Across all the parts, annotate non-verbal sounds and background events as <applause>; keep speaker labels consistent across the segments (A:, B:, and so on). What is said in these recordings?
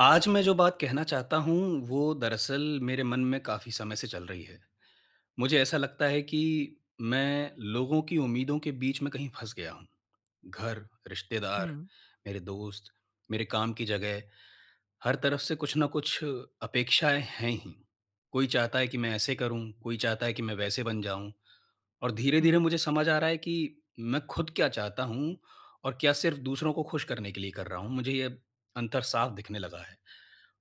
A: आज मैं जो बात कहना चाहता हूँ, वो दरअसल मेरे मन में काफ़ी समय से चल रही है। मुझे ऐसा लगता है कि मैं लोगों की उम्मीदों के बीच में कहीं फंस गया हूँ। घर, रिश्तेदार,
B: हुँ।
A: मेरे दोस्त, मेरे काम की जगह, हर तरफ से कुछ न कुछ अपेक्षाएँ हैं ही। कोई चाहता है कि मैं ऐसे करूँ, कोई चाहता है कि मैं वैसे बन जाऊँ। और धीरे-धीरे
B: हुँ।
A: मुझे समझ आ रहा है कि मैं ख़ुद क्या चाहता हूँ और क्या सिर्फ़ दूसरों को ख़ुश करने के लिए कर रहा हूँ, मुझे ये अंतर साफ़ दिखने लगा है।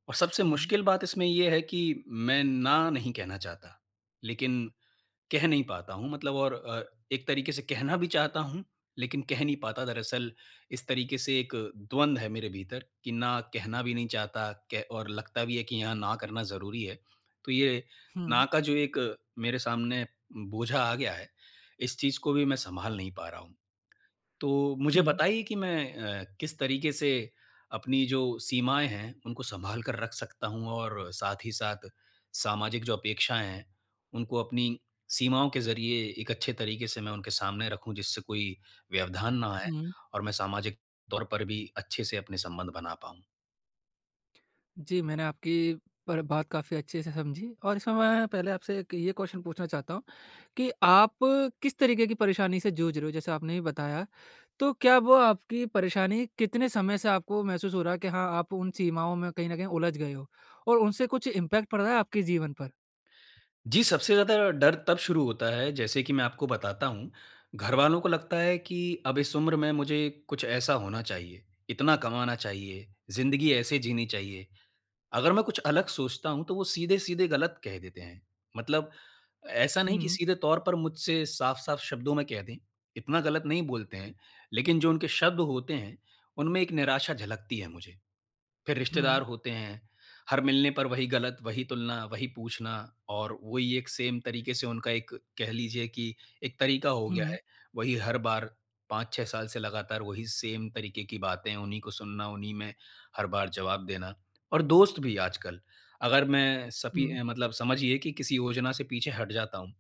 A: और सबसे
B: हुँ।
A: मुश्किल बात इसमें ये है कि मैं ना नहीं कहना चाहता। लेकिन कह नहीं पाता हूँ मतलब और अ, एक तरीके से कहना भी चाहता हूँ, लेकिन कह नहीं पाता दरअसल इस तरीके से एक द्वंद है मेरे भीतर कि ना कहना भी नहीं चाहता कह और लगता भी है कि यहाँ ना करना ज़रूरी है। तो ये ना
B: हुँ।
A: का जो एक मेरे सामने बोझा आ गया है, इस चीज़ को भी मैं सँभाल नहीं पा रहा हूँ। तो मुझे
B: हुँ।
A: बताइए कि मैं अ, किस तरीके से अपनी जो सीमाएँ हैं, उनको सँभाल कर रख सकता हूँ और साथ ही साथ सामाजिक जो अपेक्षाएँ हैं, उनको अपनी सीमाओं के ज़रिए एक अच्छे तरीके से मैं उनके सामने रखूँ जिससे कोई व्यवधान ना आए
B: हुँ।
A: और मैं सामाजिक तौर पर भी अच्छे से अपने संबंध बना पाऊँ?
B: जी, मैंने आपकी पर बात काफ़ी अच्छे से समझी। और इसमें मैं पहले आपसे एक ये क्वेश्चन पूछना चाहता हूँ कि आप किस तरीके की परेशानी से जूझ रहे हो? जैसे आपने ही बताया, तो क्या वो आपकी परेशानी कितने समय से आपको महसूस हो रहा है कि हाँ, आप उन सीमाओं में कहीं न कहीं उलझ गए हो? और उनसे कुछ इम्पैक्ट पड़ रहा है आपके जीवन पर?
A: जी, सबसे ज़्यादा डर तब शुरू होता है, जैसे कि मैं आपको बताता हूँ, घरवालों को लगता है कि, अब इस उम्र में मुझे कुछ ऐसा होना चाहिए, इतना कमाना चाहिए, ज़िन्दगी ऐसे जीनी चाहिए। अगर मैं कुछ अलग सोचता हूँ तो वो सीधे-सीधे गलत कह देते हैं। मतलब ऐसा नहीं कि
B: हुँ।
A: सीधे तौर पर मुझसे साफ-साफ शब्दों में कह दें, इतना गलत नहीं बोलते हैं, लेकिन जो उनके शब्द होते हैं, उनमें एक निराशा झलकती है मुझे। फिर
B: हुँ।
A: रिश्तेदार होते हैं, हर मिलने पर वही गलत, वही तुलना, वही पूछना और वही एक सेम तरीके से उनका एक कह लीजिए कि एक तरीका हो गया
B: हुँ।
A: है, वही हर बार 5-6 साल से लगातार वही सेम तरीके की बातें उन्हीं को सुनना, उन्हीं में, हर बार जवाब देना। और दोस्त भी आजकल अगर मैं सपी
B: हुँ।
A: अ, मतलब समझिए कि किसी योजना से पीछे हट जाता हूँ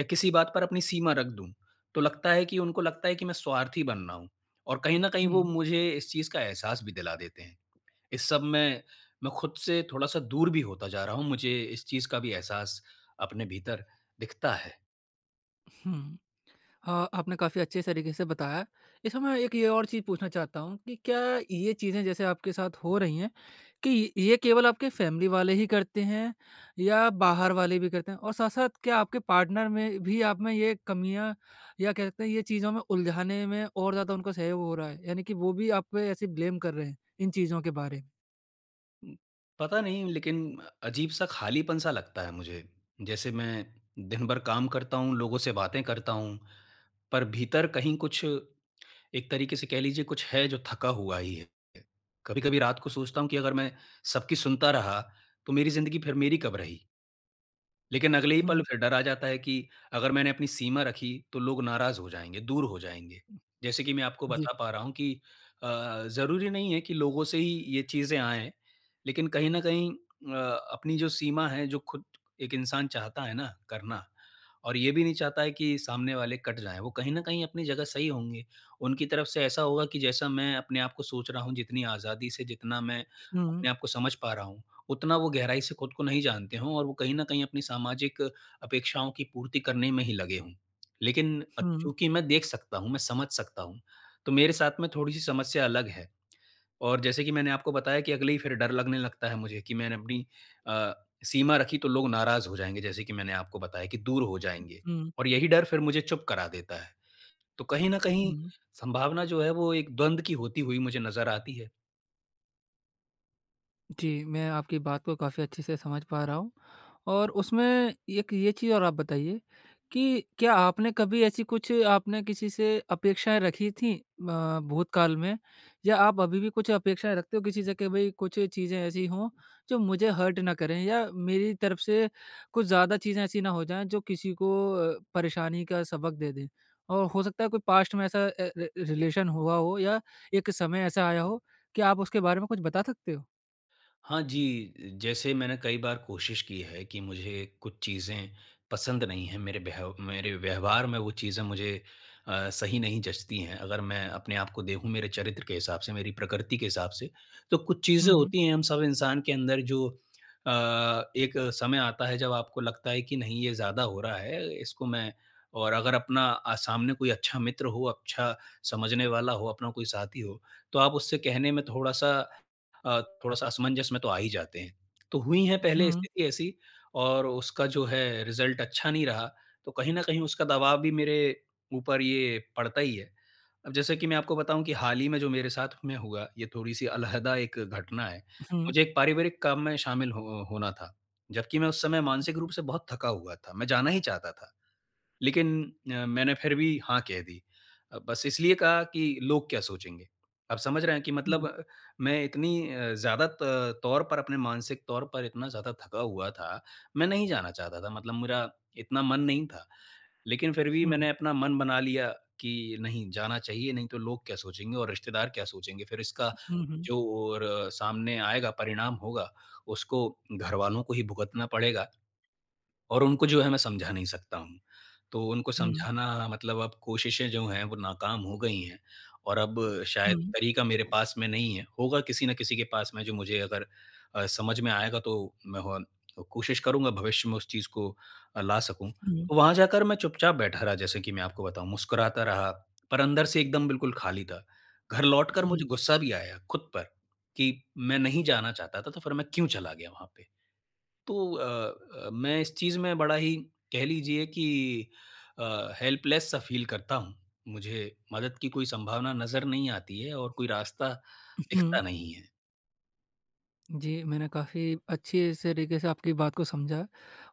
A: या किसी बात पर अपनी सीमा रख दूँ, तो लगता है कि उनको लगता है कि मैं स्वार्थी बन रहा हूँ। और कहीं न कहीं वो
B: हुँ।
A: मुझे इस चीज़ का एहसास भी दिला देते हैं। इस सब में मैं खुद से थोड़ा-सा दूर भी होता जा रहा हूँ। मुझे इस चीज़ का भी एहसास अपने भीतर दिखता है।
B: हुँ। अ, आपने काफ़ी अच्छे स तरीके से बताया। इस समय एक ये और चीज़ पूछना चाहता हूँ, कि क्या ये चीज़ें जैसे आपके साथ हो रही हैं, कि ये केवल आपके फ़ैमिली वाले ही करते हैं या बाहर वाले भी करते हैं? और साथ-साथ क्या आपके पार्टनर में भी आप में ये कमियाँ या कह सकते हैं ये चीज़ों में उलझाने में और ज़्यादा उनका सहयोग हो रहा हैं यानी कि वो भी आप पे ऐसे ब्लेम कर रहे हैं, इन चीज़ों के बारे?
A: उम, पता नहीं लेकिन अजीब सा खालीपन-सा लगता है मुझे। जैसे मैं दिन भर काम करता हूँ, लोगों से बातें करता हूँ, पर भीतर कहीं कुछ एक तरीके से कह लीजिए कुछ है, जो थका हुआ ही है। कभी-कभी रात को सोचता हूँ कि अगर मैं सबकी सुनता रहा, तो मेरी ज़िंदगी फिर मेरी कब रही? लेकिन अगले ही पल
B: हुँ।
A: फिर डर आ जाता है कि, अगर मैंने अपनी सीमा रखी तो लोग नाराज हो जाएँगे, दूर हो जाएँगे। जैसे कि मैं आपको
B: जी।
A: बता पा रहा हूँ, कि अ, ज़रूरी नहीं है कि लोगों से ही ये चीज़ें आएँ। लेकिन कहीं न कहीं अ, अपनी जो सीमा है, जो खुद एक इंसान चाहता है ना करना और ये भी नहीं चाहता है कि सामने वाले कट जाएँ, वो कहीं न कहीं अपनी जगह सही होंगे। उनकी तरफ से ऐसा होगा कि जैसा मैं अपने आप को सोच रहा हूँ जितनी आज़ादी से, जितना मैं
B: हुँ।
A: अपने आपको समझ पा रहा हूँ, उतना वो गहराई से खुद को नहीं जानते हों और वो कहीं न कहीं अपनी सामाजिक अपेक्षाओं की पूर्ति करने में ही लगे हों। लेकिन अ,
B: हुँ।
A: चूँकि मैं देख सकता हूँ, मैं समझ सकता हूँ, तो मेरे साथ में थोड़ी-सी समस्या अलग है। और जैसे कि मैंने आपको बताया कि अगले ही फिर डर लगने लगता है मुझे, कि मैंने अपनी अ, सीमा रखी तो लोग नाराज़ हो जाएँगे जैसे कि मैंने आपको बताया कि दूर हो जाएँगे
B: हुँ।
A: और यही डर फिर मुझे चुप करा देता है। तो कहीं न कहीं
B: हुँ।
A: सँभावना जो है, वो एक द्वंद की होती हुई मुझे नज़र आती है।
B: जी, मैं आपकी बात को काफ़ी अच्छे से समझ पा रहा हूँ। और उसमें एक ये चीज़ और आप बताइए कि क्या आपने कभी ऐसी कुछ आपने किसी से अपेक्षाएँ रखी थी अ, भूतकाल में या आप अभी भी कुछ अपेक्षाएँ रखते हो किसी से कि भई कुछ चीज़ें ऐसी हो जो मुझे हर्ट ना करें या मेरी तरफ़ से कुछ ज़्यादा चीज़ें ऐसी ना हो जाएँ जो किसी को अ, परेशानी का सबक दे दें और हो सकता है कोई पास्ट में ऐसा ए ए रिलेशन हुआ हो या एक समय ऐसा आया हो कि आप उसके बारे में कुछ बता सकते हो?
A: हाँ जी, जैसे मैंने कई बार कोशिश की है कि मुझे कुछ चीज़ें पसंद नहीं है, मेरे व्यह मेरे व्यवहार में वो चीज़े मुझे अ, सही नहीं जँचती हैं। अगर मैं अपने आपको देखूँ मेरे चरित्र के हिसाब से, मेरी प्रकृति के हिसाब से तो कुछ चीज़ें
B: हुँ, हुँ।
A: होती हैं हम सब इंसान के अंदर जो अ, एक समय आता है जब आपको लगता है कि नहीं ये ज़्यादा हो रहा है। इसको मैं और अगर अपना अ, सामने कोई अच्छा मित्र हो, अच्छा समझने वाला हो अपना कोई साथी हो तो आप उससे कहने में थोड़ा-सा अ, थोड़ा-सा असमंजस में तो आ ही जाते हैं। तो हुई हैं पहले
B: हुँ।
A: स्थिति ऐसी और उसका जो है रिज़ल्ट अच्छा नहीं रहा तो कहीं न कहीं उसका दवाब भी मेरे ऊपर ये पड़ता ही है। अब जैसे कि मैं आपको बताऊँ कि हाल ही में जो मेरे साथ में हुआ ये थोड़ी-सी अलहदा एक घटना है।
B: हुँ।
A: मुझे एक पारिवारिक काम में शामिल ह होना था। जबकि मैं उस समय मानसिक रूप से बहुत थका हुआ था मैं जाना ही चाहता था। लेकिन अ, मैंने फिर भी हाँ, कह दी बस इसलिए कहा कि लोग क्या सोचेंगे। आप समझ रहे हैं कि
B: हुँ।
A: मतलब मैं इतनी अ, ज़्यादा त तौर पर अपने मानसिक तौर पर इतना ज़्यादा थका हुआ था, मैं नहीं जाना चाहता था, मतलब मेरा इतना मन नहीं था। लेकिन फिर भी
B: हुँ।
A: मैंने अपना मन बना लिया कि नहीं जाना चाहिए नहीं तो लोग क्या सोचेंगे और रिश्तेदार क्या सोचेंगे। फिर इसका
B: हुँ, हुँ।
A: जो और सामने आएगा परिणाम होगा उसको घरवालों को ही भुगतना पड़ेगा और उनको जो है मैं समझा नहीं सकता हूँ। तो उनको
B: हुँ।
A: समझाना मतलब अब कोशिशें जो हैं वो नाक़ाम हो गई हैं। और अब शायद
B: हुँ।
A: तरीक़ा मेरे पास में नहीं है, होगा किसी न किसी के पास में जो मुझे अगर अ, समझ में आएगा तो मैं और कोशिश करूँगा भविष्य में उस चीज़ को अ, ला सकूँ।
B: हुँ।
A: तो वहाँ जाकर मैं चुपचाप बैठा रहा जैसे कि मैं आपको बताऊँ, मुस्कुराता रहा, पर अंदर से एकदम बिल्कुल खाली था। घर लौटकर
B: हुँ।
A: मुझे गुस्सा भी आया खुद पर कि मैं नहीं जाना चाहता था तो फिर मैं क्यों चला गया वहाँ पे। तो अ अ, मैं इस चीज़ में बड़ा ही कह लीजिए कि अ, हेल्पलेस सा फ़ील करता हूँ। मुझे मदद की कोई संभावना नज़र नहीं आती है और कोई रास्ता दिखता
B: हुँ।
A: नहीं है।
B: जी, मैंने काफ़ी अच्छी से तरीके से आपकी बात को समझा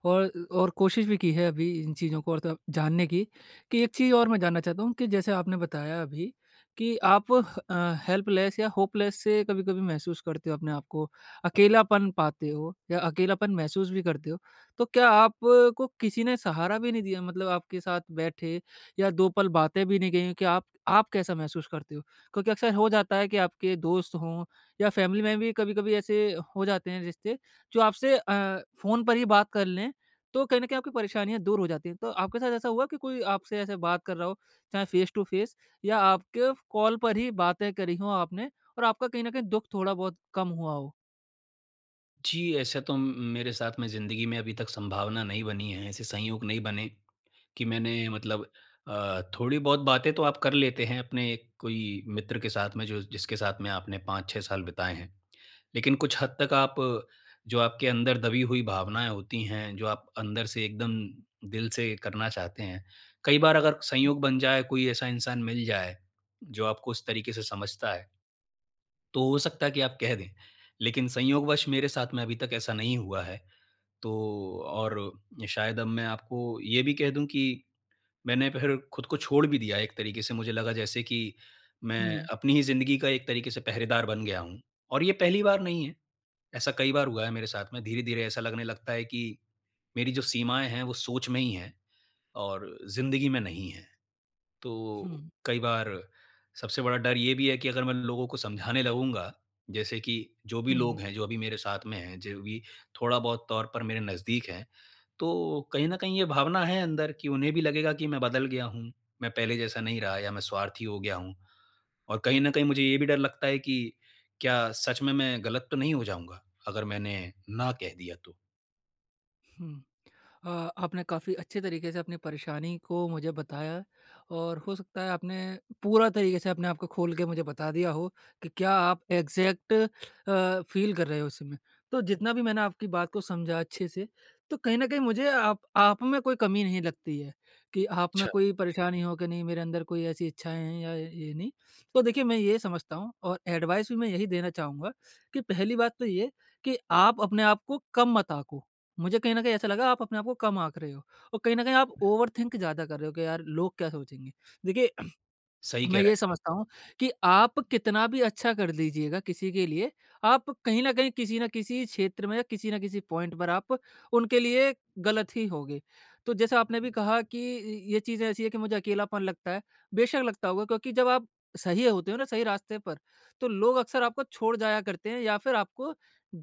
B: और और कोशिश भी की है अभी इन चीज़ों को और त जानने की, कि एक चीज़ और मैं जानना चाहता हूँ, कि जैसे आपने बताया अभी कि आप ह अ, हेल्पलेस या होपलेस से कभी-कभी महसूस करते हो अपने आप को, अकेलापन पाते हो या अकेलापन महसूस भी करते हो। तो क्या आप को किसी ने सहारा भी नहीं दिया मतलब आपके साथ बैठे या 2 पल बातें भी नहीं कहीं हो कि, आप आप कैसा महसूस करते हो? क्योंकि अक्सर हो जाता है कि आपके दोस्त हों या फ़ैमिली में भी कभी-कभी ऐसे हो जाते हैं रिश्ते, जो आपसे अ, फ़ोन पर ही बात कर लें, तो कहीं न कहीं आपकी परेशानियाँ दूर हो जाती हैं। तो आपके साथ ऐसा हुआ कि कोई आपसे ऐसे बात कर रहा हो, चाहे फेस टू फेस या आपके कॉल पर ही बातें करी हो आपने और आपका कहीं न कहीं दुःख थोड़ा बहुत कम हुआ हो?
A: जी, ऐसे तो म मेरे साथ में ज़िंदगी में अभी तक संभावना नहीं बनी है। ऐसे संयोग नहीं बने, कि मैंने मतलब अ, थोड़ी बहुत बातें तो आप कर लेते हैं अपने कोई मित्र के साथ में जो जिसके साथ में आपने 5-6 साल बिताएँ हैं। लेकिन कुछ हद तक आप जो आपके अंदर दबी हुई भावनाएँ होती हैं, जो आप अंदर से एकदम दिल से करना चाहते हैं, कई बार अगर संयोग बन जाए, कोई ऐसा इंसान मिल जाए, जो आपको उस तरीके से समझता है तो हो सकता है कि आप कह दें। लेकिन संयोगवश मेरे साथ में अभी तक ऐसा नहीं हुआ है, तो और शायद अब मैं आपको ये भी कह दूँ कि, मैंने फिर खुद को छोड़ भी दिया एक तरीके से मुझे लगा जैसे कि मैं
B: हुँ।
A: अपनी ही ज़िंदगी का एक तरीके से पहरेदार बन गया हूँ। और ये पहली बार नहीं है, ऐसा कई बार हुआ है मेरे साथ में, धीरे-धीरे ऐसा लगने लगता है कि मेरी जो सीमाएँ हैं वो सोच में ही हैं और जिंदगी में नहीं हैं। तो
B: हुँ।
A: कई बार सबसे बड़ा डर ये भी है कि अगर मैं लोगों को समझाने लगूँगा जैसे कि, जो भी
B: हुँ।
A: लोग हैं, जो अभी मेरे साथ में हैं, जो भी थोड़ा बहुत तौर पर मेरे नज़दीक हैं, तो कहीं न कहीं ये भावना है अंदर कि उन्हें भी लगेगा कि मैं बदल गया हूँ, मैं पहले जैसा नहीं रहा या मैं स्वार्थी हो गया हूँ। और कहीं न कहीं मुझे ये भी डर लगता है कि क्या सच में मैं गलत तो नहीं हो जाऊँगा, अगर मैंने ना कह दिया तो?
B: हुँ। अ, आपने काफ़ी अच्छे तरीके से अपनी परेशानी को मुझे बताया, और हो सकता है आपने पूरा तरीके से अपने आप को खोल के मुझे बता दिया हो कि क्या आप एग्ज़ैक्ट अ, फ़ील कर रहे हो इस समय। तो जितना भी मैंने आपकी बात को समझा अच्छे से, तो कहीं न कहीं मुझे आप आप में कोई कमी नहीं लगती है। कि आप में
A: अच्छा।
B: कोई परेशानी हो कि नहीं मेरे अंदर कोई ऐसी इच्छाएँ हैं या य ये नहीं। तो देखिए मैं ये समझता हूँ और एडवाइस भी मैं यही देना चाहूँगा कि पहली बात तो ये है कि आप अपने आप को कम मत आको। मुझे कहीं ना कहीं ऐसा लगा आप अपने आप को कम आक रहे हो, और कहीं न कहीं आप ओवर थिंक ज़्यादा कर रहे हो कि यार लोग क्या सोचेंगे? देखिए
A: सही कह
B: मैं <clears throat> ये
A: रहे हैं आप।
B: समझता हूँ कि आप कितना भी अच्छा कर लीजिएगा किसी के लिए, आप कहीं न कहीं किसी न किसी क्षेत्र में या किसी ना किसी पॉइंट पर आप उनके लिए गलत ही होगे। तो जैसा आपने अभी कहा कि इ ये चीज़ ऐसी है कि मुझे अकेलापन लगता है, बेशक लगता होगा क्योंकि जब आप सही होते हो ना सही रास्ते पर तो लोग अक्सर आपको छोड़ जाया करते हैं, या फिर आपको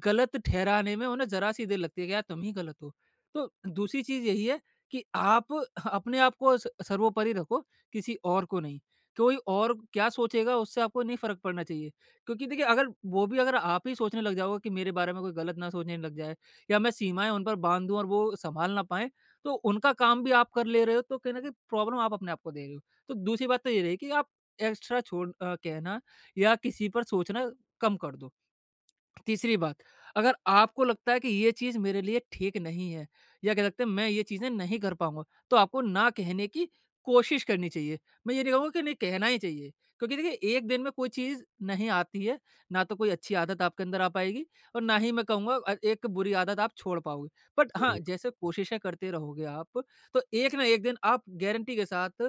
B: गलत ठहराने में उन्हें ज़रा सी देर लगती है कि यार तुम ही गलत हो। तो दूसरी चीज़ यही है कि आप अपने आपको स सर्वोपरि रखो किसी और को नहीं। कोई और क्या सोचेगा उससे आपको नहीं फ़र्क पड़ना चाहिए। क्योंकि देखिए अगल वो भी अगर आप ही सोचने लग जाओगे कि मेरे बारे में कोई गलत ना सोचने लग जाए या मैं सीमाएँ उन पर बांध दूँ और वो संभाल ना पाएँ। तो उनका काम भी आप कर ले रहे हो तो कहीं न कहीं प्रॉब्लम आप अपने आपको दे रहे हो। तो दूसरी बात तो ये रहेगी कि आप एक्स्ट्रा छोड़ अ, कहना या किसी पर सोचना कम कर दो। तीसरी बात अगर आपको लगता है कि ये चीज़ मेरे लिए ठीक नहीं है या कह सकते हैं मैं ये चीजें नहीं कर पाऊँगा तो आपको ना कहने की कोशिश करनी चाहिए। मैं ये नहीं कहूँगा की नहीं कहना ही चाहिए क्योंकि देखिए 1 दिन में कोई चीज़ नहीं आती है ना तो कोई अच्छी आदत आपके अंदर आ पाएगी और ना ही मैं कहूँगा अ, एक बुरी आदत आप छोड़ पाओगे। बट हाँ
A: ज़रूर।
B: जैसे कोशिशें करते रहोगे आप तो एक ना एक दिन आप गारंटी के साथ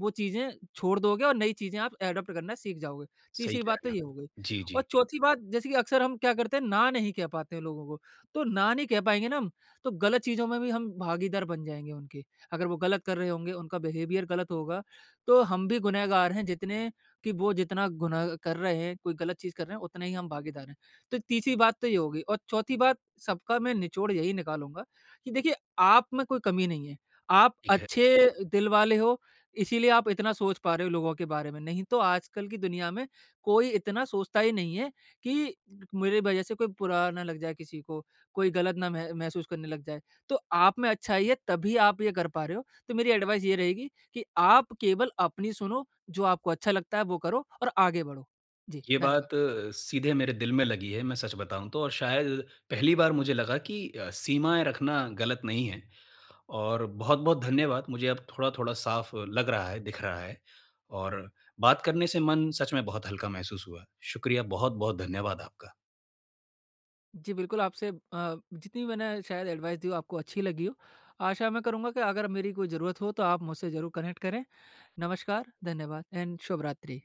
B: वो चीजें छोड़ दोगे और नई चीज़े आप एडॉप्ट करना सीख जाओगे।
A: सही
B: तीसरी
A: कह
B: बात
A: रहे
B: तो
A: हैं आप।
B: ये हो गई
A: जी,
B: और
A: जी।
B: चौथी बात जैसे कि अक्सर हम क्या करते है ना नहीं कह पाते है लोगों को, तो ना नहीं कह पाएँगे ना हम तो गलत चीज़ों में भी हम भागीदार बन जाएँगे उनके अगर वो गलत कर रहे होंगे उनका बिहेवियर गलत होगा तो हम भी गुनहगार है जितने की वो जितना गुनाह कर रहे हैं, कोई गलत चीज़ कर रहे हैं उतना ही हम भागीदार है। तो तीसरी बात तो ये होगी और चौथी बात सबका मैं निचोड़ यही निकालूँगा कि देखिए आप में कोई कमी नहीं है। आप
A: ठीक है।
B: अच्छे दिल वाले हो इसीलिए आप इतना सोच पा रहे हो लोगों के बारे में नहीं तो आजकल की दुनिया में कोई इतना सोचता ही नहीं है कि मेरी वज़ह से कोई बुरा ना लग जाए किसी को, कोई गलत ना मह महसूस करने लग जाए तो आप में अच्छाई है तभी आप ये कर पा रहे हो तो मेरी एडवाइस ये रहेगी कि आप केवल अपनी सुनो जो आपको अच्छा लगता है वो करो और आगे बढ़ो। जी,
A: ये
B: धन्यवाद।
A: बात सीधे मेरे दिल में लगी है। मैं सच बताऊँ तो, शायद पहली बार मुझे लगा की अ, सीमाएँ रखना गलत नहीं है। और बहुत-बहुत धन्यवाद। मुझे अब थोड़ा-थोड़ा साफ लग रहा है, दिख रहा है। और बात करने से मन सच में बहुत हल्का महसूस हुआ। शुक्रिया, बहुत-बहुत धन्यवाद आपका।
B: जी, बिल्कुल आपसे अ, जितनी भी मैंने शायद एडवाइस दी हो आपको अच्छी लगी हो। आशा मैं करूँगा कि अगर मेरी कोई ज़रूरत हो तो आप मुझसे ज़रूर कनेक्ट करें। नमस्कार, धन्यवाद एंड शुभरात्रि।